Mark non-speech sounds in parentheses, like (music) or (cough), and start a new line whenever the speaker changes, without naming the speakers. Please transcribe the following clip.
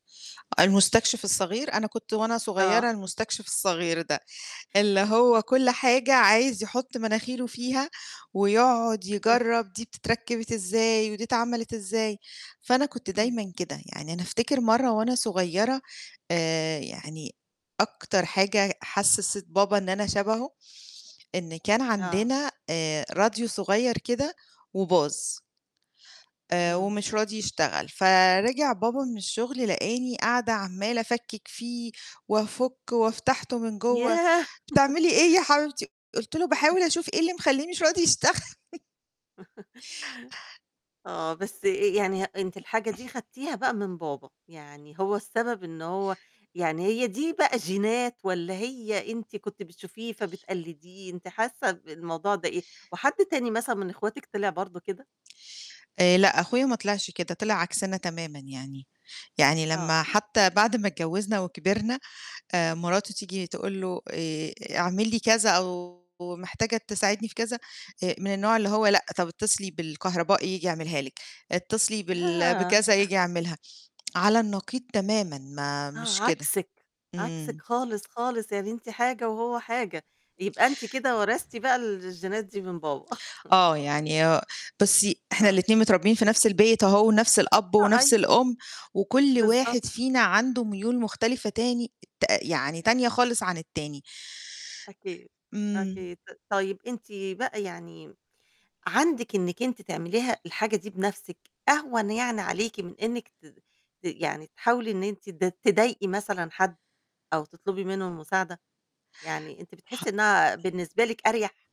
المستكشف الصغير، أنا كنت وأنا
آه.
صغيرة المستكشف الصغير ده، اللي
أ
هو كل حاجة عايز يحُط مناخيره فيها، ويقعد يجرّب دي بتتركب إزاي ودي اتعملت إزاي، فأنا كنت
امم.
دايمًا كده، يعني أنا أفتكر مرة وأنا صغيرة آآ يعني أكتر حاجة حسّست بابا إن أنا شبهه، إن كان
آه.
عندنا آآ راديو صغير كده وباظ. آآ
اهم.
ومش راضي يشتغل، فرِجِع بابا من الشغل، لقاني قاعدة عمّالة أفكّك فيه، وأفكه وفتحته من جوّا،
ياه! (chuckles)
"بتعملي إيه يا حبيبتي؟" قُلت له:
(chuckles)
"باحاول أشوف إيه اللي مخلّيه مش راضي يشتغل." (chuckles)
(chuckles) آه بس أ يعني أنتِ الحاجة دي
(clears throat)
خدتيها بقى من بابا، يعني هو السبب إن هو يعني هي دي بقى جينات والّا هي أنتِ كنت بتشوفيه فبتقلديه، أنتِ حاسة ب الموضوع ده إيه؟ وحد تاني مثلًا من أخواتك طلِع برضه كده؟
آآ لأ، أخويا ما طلعش كده، طلع عكسنا تمامًا يعني، يعني
آه.
لمّا حتى بعد ما اتجوزنا وكبرنا آآ مراته تيجي تقول له: "آآ اعمل لي كذا، أو محتاجة تساعدني في كذا." آآ من النوع اللي هو، "لأ، طَب اتصلي بالكهربائي ييجي يعملها لِك، اتصلي بال
آه!
بكذا
(chuckles)
ييجي يعملها." على النقيض تمامًا ما
آه
مش كده.
عكسِك، عكسِك
امم.
خالص، خالص يعني أنتِ حاجة وهو حاجة. يبقى أنتِ كده ورثتِ بقى الجينات دي من بابا. (chuckles)
آه يعني هو بُصي، إحنا
آه.
الاتنين متربيين في نفس البيت أهو، ونفس الأب
أ
ونفس
أي
الأُم، وكُلّ
بالضبط.
واحد فينا عنده ميول مختلفة تاني ت يعني تانية خالص عن التاني.
أكيد،
امم.
أكيد. ت طيب أنتِ بقى يعني عندِك إنِّك أنتِ تعمليها الحاجة دي بنفسِك، أهوَن يعني عليكِ من إنِّك ت ت يعني تحاولي إن أنتِ ت تضايقي مثلًا حد أو تطلبي منه المساعدة، يعني أنتِ بتحسي
ح
إنها بالنسبة لكِ أرْيَح؟